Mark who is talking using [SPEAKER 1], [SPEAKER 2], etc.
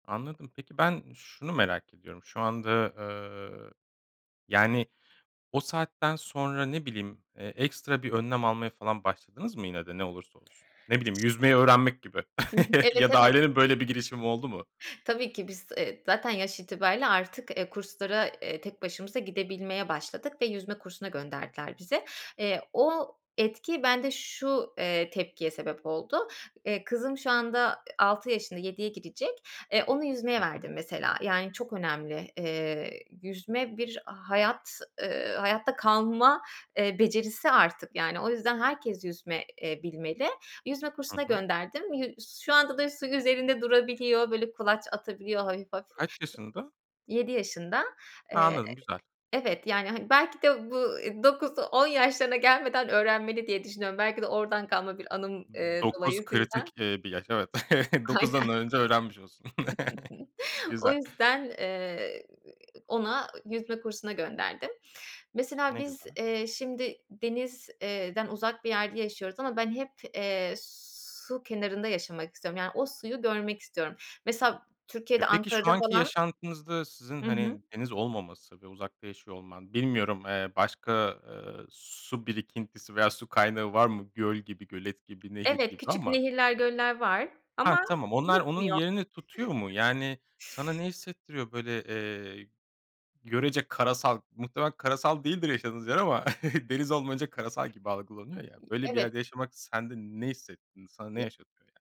[SPEAKER 1] Anladım. Peki, ben şunu merak ediyorum. Şu anda, eee, yani, o saatten sonra, ne bileyim, eee, ekstra bir önlem almaya falan başladınız mı yine de, ne olursa olsun? Ne bileyim, yüzmeyi öğrenmek gibi
[SPEAKER 2] I hı, evet,
[SPEAKER 1] ya da
[SPEAKER 2] evet.
[SPEAKER 1] ailenin böyle bir girişimi oldu mu?
[SPEAKER 2] Tabii ki, biz, eee, zaten yaş itibarıyla artık, eee, kurslara, eee, tek başımıza gidebilmeye başladık ve yüzme kursuna gönderdiler bizi. Eee, o etki bende şu, eee, tepkiye sebep oldu. Eee, kızım şu anda, ııı, 6 yaşında, 7'ye girecek. E, onu
[SPEAKER 1] Hı
[SPEAKER 2] yüzmeye
[SPEAKER 1] hı.
[SPEAKER 2] verdim, mesela. Yani, çok önemli. Eee, yüzme bir hayat, ııı, hayatta kalma, eee, becerisi artık, yani. O yüzden herkes yüzme, eee, bilmeli. Yüzme
[SPEAKER 1] Hı
[SPEAKER 2] kursuna
[SPEAKER 1] hı.
[SPEAKER 2] gönderdim. Yu şu anda da su üzerinde durabiliyor, böyle, kulaç atabiliyor hafif hafif.
[SPEAKER 1] Kaç yaşında?
[SPEAKER 2] 7 yaşında.
[SPEAKER 1] Ha,
[SPEAKER 2] Eee,
[SPEAKER 1] anladım, güzel.
[SPEAKER 2] evet, yani, hani, belki de bu 9-10 yaşlarına gelmeden öğrenmeli diye düşünüyorum. Belki de oradan kalma bir anım, ııı,
[SPEAKER 1] 9
[SPEAKER 2] dolayısıyla.
[SPEAKER 1] kritik, eee, bir yaş, evet.
[SPEAKER 2] Aynen.
[SPEAKER 1] 9'dan önce öğrenmiş olsun.
[SPEAKER 2] O
[SPEAKER 1] Güzel.
[SPEAKER 2] yüzden, eee, ona yüzme kursuna gönderdim. Mesela,
[SPEAKER 1] Ne
[SPEAKER 2] biz,
[SPEAKER 1] güzel.
[SPEAKER 2] iii, şimdi deniz eee, den uzak bir yerde yaşıyoruz ama ben hep, eee, su kenarında yaşamak istiyorum. Yani, o suyu görmek istiyorum. Mesela,
[SPEAKER 1] E,
[SPEAKER 2] Türkiye'de,
[SPEAKER 1] peki, şu
[SPEAKER 2] Ankara'da
[SPEAKER 1] anki
[SPEAKER 2] falan
[SPEAKER 1] yaşantınızda sizin,
[SPEAKER 2] Hı hı.
[SPEAKER 1] hani, deniz olmaması ve uzakta yaşıyor olman, bilmiyorum, eee, başka, ııı, su birikintisi veya su kaynağı var mı? Göl gibi, gölet gibi, nehir
[SPEAKER 2] Evet,
[SPEAKER 1] gibi
[SPEAKER 2] küçük
[SPEAKER 1] ama.
[SPEAKER 2] nehirler, göller var
[SPEAKER 1] Hah,
[SPEAKER 2] ama
[SPEAKER 1] tamam. Onlar onun
[SPEAKER 2] yetmiyor.
[SPEAKER 1] yerini tutuyor mu? Yani, sana ne hissettiriyor, böyle, eee, görece karasal, muhtemelen karasal değildir yaşadığınız yer ama deniz olmayınca karasal gibi algılanıyor ya, böyle bir
[SPEAKER 2] Evet.
[SPEAKER 1] yerde yaşamak sende ne hissettirdi? Sana ne
[SPEAKER 2] Ye
[SPEAKER 1] yaşatıyor, yani?